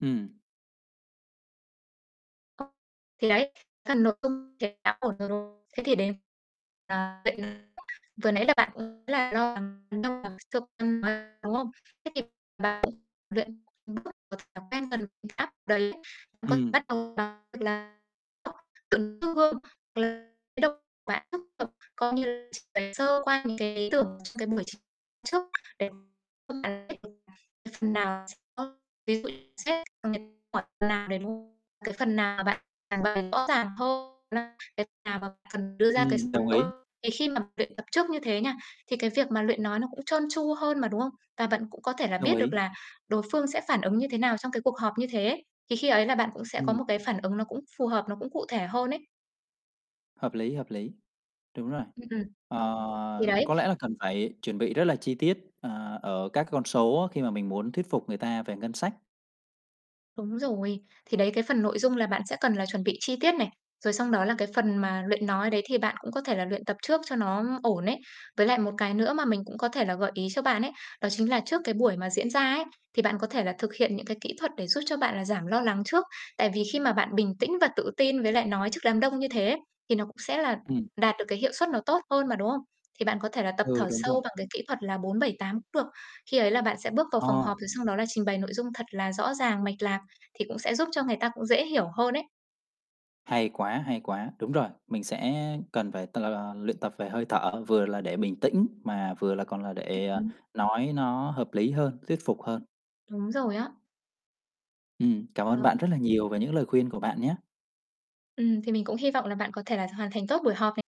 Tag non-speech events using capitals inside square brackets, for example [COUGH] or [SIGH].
Ừm. Ờ. Thì đấy, [UNINTELLIGIBLE] thế đã ổn rồi. Thế thì đến, à, nhận [UNINTELLIGIBLE] vừa nãy là bạn cũng là lo lắng [UNINTELLIGIBLE] đúng không? Thế thì bạn luyện những bước của thói quen cần áp đấy, có Ừm. bắt đầu, gọi là, ừ, đứng trước gương [UNINTELLIGIBLE] bạn tiếp tục có những [UNINTELLIGIBLE] sơ qua những cái ý tưởng của cái buổi chính thức để [UNINTELLIGIBLE] phần nào ơ, ví dụ xét duyệt [UNINTELLIGIBLE] cái phần nào bạn trình bày rõ ràng hơn, là cái nào mà cần đưa ra cái Ừm, số đồng ý. liệu. Thì khi mà luyện tập trước như thế nha, thì cái việc mà luyện nói nó cũng trơn tru hơn mà, đúng không? Và bạn cũng có thể là Đồng biết được ý. là đối phương sẽ phản ứng như thế nào trong cái cuộc họp như thế. Thì khi ấy là bạn cũng sẽ có Ừm. một cái phản ứng nó cũng phù hợp, nó cũng cụ thể hơn ấy. Hợp lý, hợp lý. Đúng rồi. Ừm, ừm. Thì Ờ, đấy. có lẽ là cần phải chuẩn bị rất là chi tiết, à, ở các con số á, khi mà mình muốn thuyết phục người ta về ngân sách. Đúng rồi. Thì đấy, là cái phần nội dung là bạn sẽ cần là chuẩn bị chi tiết này. Rồi xong đó là cái phần mà luyện nói đấy thì bạn cũng có thể là luyện tập trước cho nó ổn ấy. Với lại một cái nữa mà mình cũng có thể là gợi ý cho bạn ấy, đó chính là trước cái buổi mà diễn ra ấy, thì bạn có thể là thực hiện những cái kỹ thuật để giúp cho bạn là giảm lo lắng trước. Tại vì khi mà bạn bình tĩnh và tự tin với lại nói trước đám đông như thế, thì nó cũng sẽ là Ừm. đạt được cái hiệu suất nó tốt hơn mà, đúng không? Thì bạn có thể là tập Ừ, thở đúng rồi. sâu bằng cái kỹ thuật là 4-7-8 cũng được. Khi ấy là bạn sẽ bước vào phòng Ờ. họp rồi xong đó là trình bày nội dung thật là rõ ràng, mạch lạc thì cũng sẽ giúp cho người ta cũng dễ hiểu hơn ấy. Hay quá, hay quá. Đúng rồi, mình sẽ cần phải t là luyện tập về hơi thở vừa là để bình tĩnh mà vừa là còn là Ừm, để, ờ, ừm. nói nó hợp lý hơn, thuyết phục hơn. Đúng rồi á. Ừm, cảm ơn Ờ. bạn rất là nhiều về những lời khuyên của bạn nhá. Ừm, thì mình cũng hi vọng là bạn có thể là hoàn thành tốt buổi họp này.